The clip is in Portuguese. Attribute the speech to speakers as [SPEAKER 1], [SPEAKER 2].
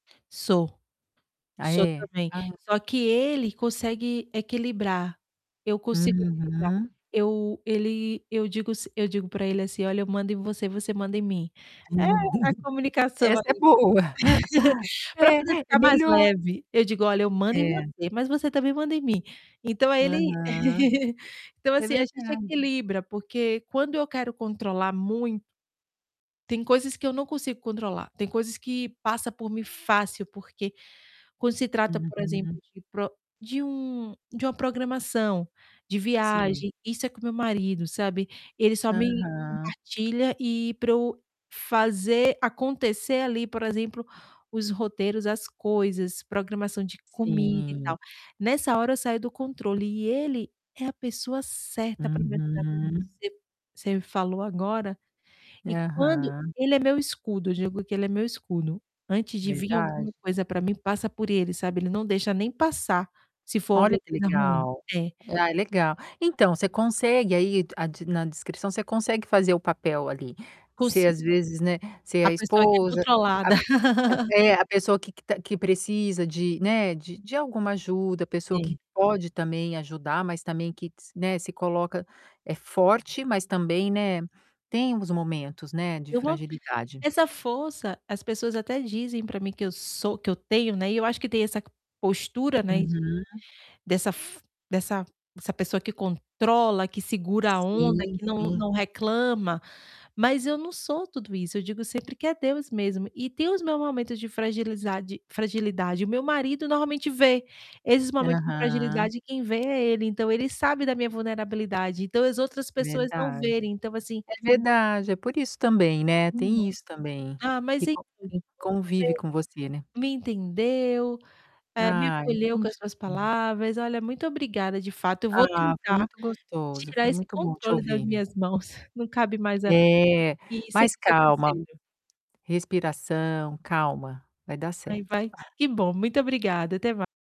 [SPEAKER 1] Sou,
[SPEAKER 2] Ah,
[SPEAKER 1] sou
[SPEAKER 2] é.
[SPEAKER 1] também,
[SPEAKER 2] Ah.
[SPEAKER 1] só que ele consegue equilibrar, eu consigo equilibrar.
[SPEAKER 2] Uhum.
[SPEAKER 1] Eu ele eu digo s eu digo para ele assim: "Olha, eu mando em você e você manda em mim." É a comunicação
[SPEAKER 2] Essa é
[SPEAKER 1] aí.
[SPEAKER 2] boa.
[SPEAKER 1] Para
[SPEAKER 2] É,
[SPEAKER 1] fazer
[SPEAKER 2] é
[SPEAKER 1] ficar mais
[SPEAKER 2] melhor.
[SPEAKER 1] leve, eu digo: "Olha, eu mando em
[SPEAKER 2] É.
[SPEAKER 1] você, mas você também manda em mim." Então aí ele
[SPEAKER 2] Aham.
[SPEAKER 1] Então,
[SPEAKER 2] É
[SPEAKER 1] assim, a gente
[SPEAKER 2] verdade.
[SPEAKER 1] equilibra, porque quando eu quero controlar mui Tem coisas que eu não consigo controlar, tem coisas que passa por mim fácil, porque, quando se trata, por exemplo,
[SPEAKER 2] Uhum.
[SPEAKER 1] de pro de um de uma programação, de
[SPEAKER 2] Sim.
[SPEAKER 1] viagem, isso é com meu marido, sabe. Ele só me
[SPEAKER 2] Aham.
[SPEAKER 1] compartilha, e para eu fazer acontecer ali, por exemplo, os roteiros, as coisas, programação de comida e
[SPEAKER 2] Sim.
[SPEAKER 1] tal. Nessa hora eu saio do controle, e ele é a pessoa certa para me ajudar, com isso.
[SPEAKER 2] Uhum.
[SPEAKER 1] C você me falou agora, e quando
[SPEAKER 2] Aham.
[SPEAKER 1] ele é meu escudo, digo que ele é meu escudo, antes de vim alguma
[SPEAKER 2] Verdade.
[SPEAKER 1] coisa para mim, passa por ele, sabe. Ele não deixa nem passar, se for
[SPEAKER 2] Olha
[SPEAKER 1] alguma
[SPEAKER 2] que
[SPEAKER 1] coisa ruim.
[SPEAKER 2] legal.
[SPEAKER 1] É.
[SPEAKER 2] Ah, é legal. Então você consegue aí a de na descrição, você consegue fazer o papel ali, ser,
[SPEAKER 1] Consigo.
[SPEAKER 2] às vezes, né, ser
[SPEAKER 1] A
[SPEAKER 2] a
[SPEAKER 1] pessoa aqui é
[SPEAKER 2] esposa, a
[SPEAKER 1] controlada.
[SPEAKER 2] a é, a pessoa que que que precisa de, né, de de alguma ajuda, a pessoa que
[SPEAKER 1] Sim.
[SPEAKER 2] pode também ajudar, mas também que s né, se coloca é forte, mas também, né, tem uns momentos, né, de
[SPEAKER 1] Eu não
[SPEAKER 2] fragilidade.
[SPEAKER 1] essa força, as pessoas até dizem para mim que eu sou que eu tenho, né, e eu acho que tem essa postura, né, de
[SPEAKER 2] Uhum.
[SPEAKER 1] dessa f dessa dessa pessoa que controla, que segura a onda,
[SPEAKER 2] Sim,
[SPEAKER 1] que não
[SPEAKER 2] sim.
[SPEAKER 1] não reclama, mas eu não sou tudo isso, eu digo sempre que é Deus mesmo, e tem os meus momentos de fragilizade fragilidade, o meu marido normalmente vê esses momentos de
[SPEAKER 2] Aham.
[SPEAKER 1] fragilidade, quem vê é ele, então ele sabe da minha vulnerabilidade, então as outras pessoas não
[SPEAKER 2] Verdade.
[SPEAKER 1] verem, então assim
[SPEAKER 2] É verdade, é por isso também, né,
[SPEAKER 1] Uhum.
[SPEAKER 2] tem isso também,
[SPEAKER 1] Ah, mas
[SPEAKER 2] que
[SPEAKER 1] [unintelligible] que
[SPEAKER 2] con
[SPEAKER 1] bom
[SPEAKER 2] quem
[SPEAKER 1] que
[SPEAKER 2] convive
[SPEAKER 1] você
[SPEAKER 2] com você, né?
[SPEAKER 1] me entendeu, eh, me
[SPEAKER 2] Ah,
[SPEAKER 1] acolheu com as suas
[SPEAKER 2] entendi.
[SPEAKER 1] palavras, olha, muito obrigada, de fato eu vou
[SPEAKER 2] Ah, foi
[SPEAKER 1] tentar
[SPEAKER 2] muito gostoso,
[SPEAKER 1] tirar
[SPEAKER 2] foi
[SPEAKER 1] esse
[SPEAKER 2] muito bom te
[SPEAKER 1] controle das
[SPEAKER 2] ouvir.
[SPEAKER 1] minhas mãos, não cabe mais a
[SPEAKER 2] É,
[SPEAKER 1] mim e seguir
[SPEAKER 2] mas,
[SPEAKER 1] seu
[SPEAKER 2] calma,
[SPEAKER 1] conselho.
[SPEAKER 2] respiração, calma, vai dar
[SPEAKER 1] Aí,
[SPEAKER 2] certo.
[SPEAKER 1] vai que bom, muito obrigada, até mai